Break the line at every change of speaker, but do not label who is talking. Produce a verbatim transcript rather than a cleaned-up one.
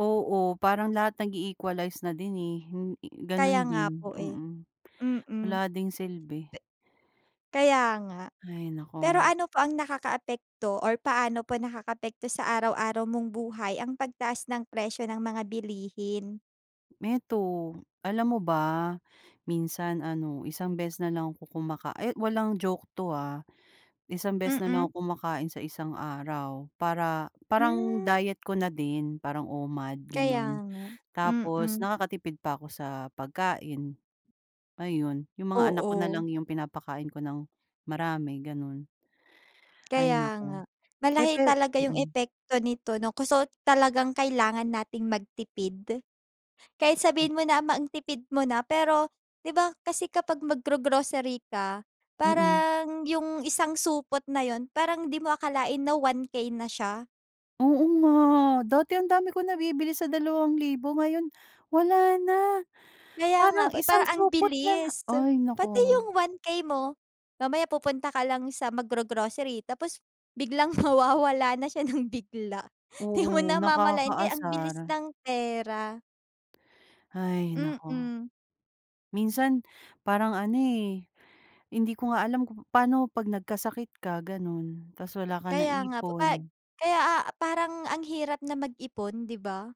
Oo, parang lahat nag-i-equalize na din, eh. Hin i
Kaya
gano'n
nga
din,
po, eh,
mm.
mm. De
Wala ding silbi.
Kaya nga.
Hay
Pero
naku!
ano po ang nakakaapekto or paano po nakakaapekto sa araw-araw mong buhay ang pagtaas ng presyo ng mga bilihin?
meto, alam mo ba, minsan ano isang beses na lang ako kumaka eh, walang joke 'to, ah. Isang beses na lang
Mm.
ako kumakain sa isang araw para, parang
Hmm.
diet ko na din parang O-MAD
Kaya
gano'n.
nga,
Tapos
mm.
nakakatipid pa ako sa pagkain. Ayun, yung mga anak ko na
Oo.
lang yung pinapakain ko ng marami gano'n. Ay
Kaya
naku!
nga,
Eh,
malaki
pe
talaga yung
mm.
epekto nito 'no kuso talagang kailangan nating magtipid. Kahit
M
sabihin mo namang tipid mo na pero 'di ba, kasi kapag mag-gro-grocery ka,
Mm.
parang yung isang supot na 'yun parang 'di mo akalain na one K na siya.
Oo nga, dati ang dami ko nabibili sa dalawang libo ngayon, wala na.
Kaya nga
Parang
pa
isang
parang ang
supot na lang
bilis.
ay
Pati
naku!
yung one K mo mamaya pupunta ka lang sa mag-gro-grocery tapos biglang mawawala na siya ng bigla 'di mo
Oo,
namamalayan. Kaya ang
nakakaasar.
bilis ng pera.
Hay naku!
Mm.
Minsan parang ano, eh, hindi ko nga alam kung pa'no 'pag nagkasakit ka gano'n, ta's wala ka
Kaya nga. Pa
naipon?
kaya, ah, parang ang hirap na mag-ipon 'di ba?